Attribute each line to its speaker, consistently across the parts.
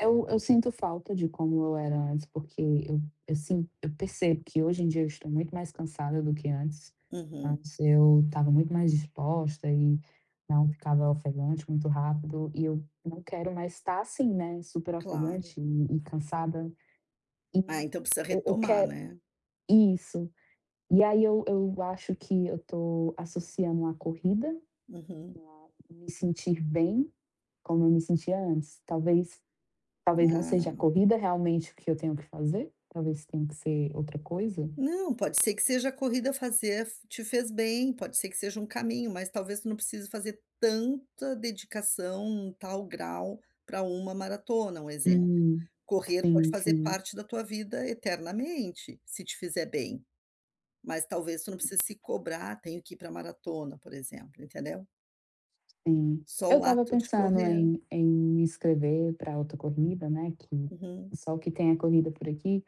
Speaker 1: Eu eu sinto falta de como eu era antes, porque eu eu sinto, eu percebo que hoje em dia eu estou muito mais cansada do que antes.
Speaker 2: Uhum.
Speaker 1: Antes eu estava muito mais disposta e não ficava ofegante muito rápido e eu não quero mais estar assim, né, super
Speaker 2: Claro.
Speaker 1: ofegante e e cansada. E,
Speaker 2: Ah, então precisa
Speaker 1: eu eu
Speaker 2: retomar,
Speaker 1: quero
Speaker 2: né.
Speaker 1: isso. E aí eu eu acho que eu estou associando à corrida,
Speaker 2: Uhum.
Speaker 1: o não me sentir bem, como eu me sentia antes, talvez talvez não seja a
Speaker 2: Ah.
Speaker 1: corrida realmente o que eu tenho que fazer, talvez tenha que ser outra coisa?
Speaker 2: Não, pode ser que seja a corrida fazer te fez bem, pode ser que seja um caminho mas talvez tu não precise fazer tanta dedicação, tal grau, para uma maratona, um exemplo.
Speaker 1: Hum,
Speaker 2: Correr pode
Speaker 1: sim,
Speaker 2: fazer
Speaker 1: sim.
Speaker 2: parte da tua vida eternamente, se te fizer bem. Mas talvez tu não precise se cobrar, tenho que ir para maratona por exemplo, entendeu?
Speaker 1: Sim,
Speaker 2: Só
Speaker 1: eu
Speaker 2: o
Speaker 1: estava
Speaker 2: ato de
Speaker 1: pensando
Speaker 2: correr.
Speaker 1: em em me inscrever para outra corrida, né, que
Speaker 2: Uhum.
Speaker 1: só o que tem a corrida por aqui,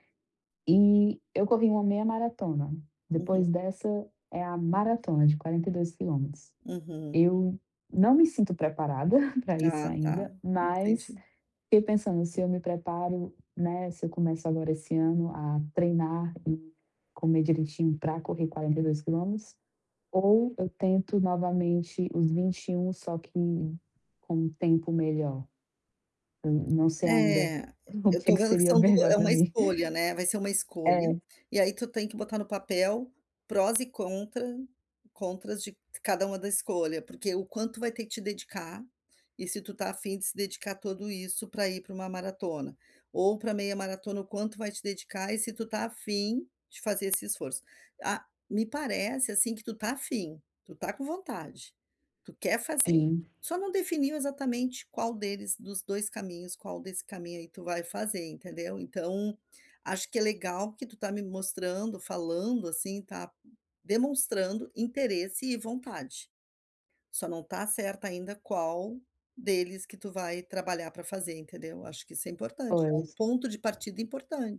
Speaker 1: e eu corri uma meia maratona. Depois
Speaker 2: Uhum.
Speaker 1: dessa, é a maratona de 42 quilômetros.
Speaker 2: Uhum.
Speaker 1: Eu não me sinto preparada para isso
Speaker 2: Ah, tá,
Speaker 1: ainda, mas
Speaker 2: entendi.
Speaker 1: fiquei pensando se eu me preparo, né, se eu começo agora esse ano a treinar e comer direitinho para correr 42 quilômetros, ou eu tento novamente os 21 só que com um tempo melhor? Eu não sei ainda
Speaker 2: É,
Speaker 1: o
Speaker 2: eu
Speaker 1: que é
Speaker 2: estou
Speaker 1: que
Speaker 2: vendo que
Speaker 1: seria
Speaker 2: são duas
Speaker 1: melhor
Speaker 2: é
Speaker 1: para
Speaker 2: uma
Speaker 1: mim.
Speaker 2: escolha, né, vai ser uma escolha,
Speaker 1: É.
Speaker 2: e aí tu tem que botar no papel prós e contra contras de cada uma da escolha, porque o quanto vai ter que te dedicar, e se tu está a fim de se dedicar a tudo isso para ir para uma maratona, ou para meia maratona o quanto vai te dedicar e se tu está a fim de fazer esse esforço. Ah me parece assim que tu está a fim, tu está com vontade, tu quer fazer,
Speaker 1: Sim.
Speaker 2: só não definiu exatamente qual deles, dos 2 caminhos, qual desse caminho aí tu vai fazer entendeu então, acho que é legal que tu tá me mostrando, falando assim, tá demonstrando interesse e vontade. Só não está certa ainda qual deles que tu vai trabalhar para fazer, entendeu? Acho que isso é importante, é
Speaker 1: Pois.
Speaker 2: um ponto de partida importante.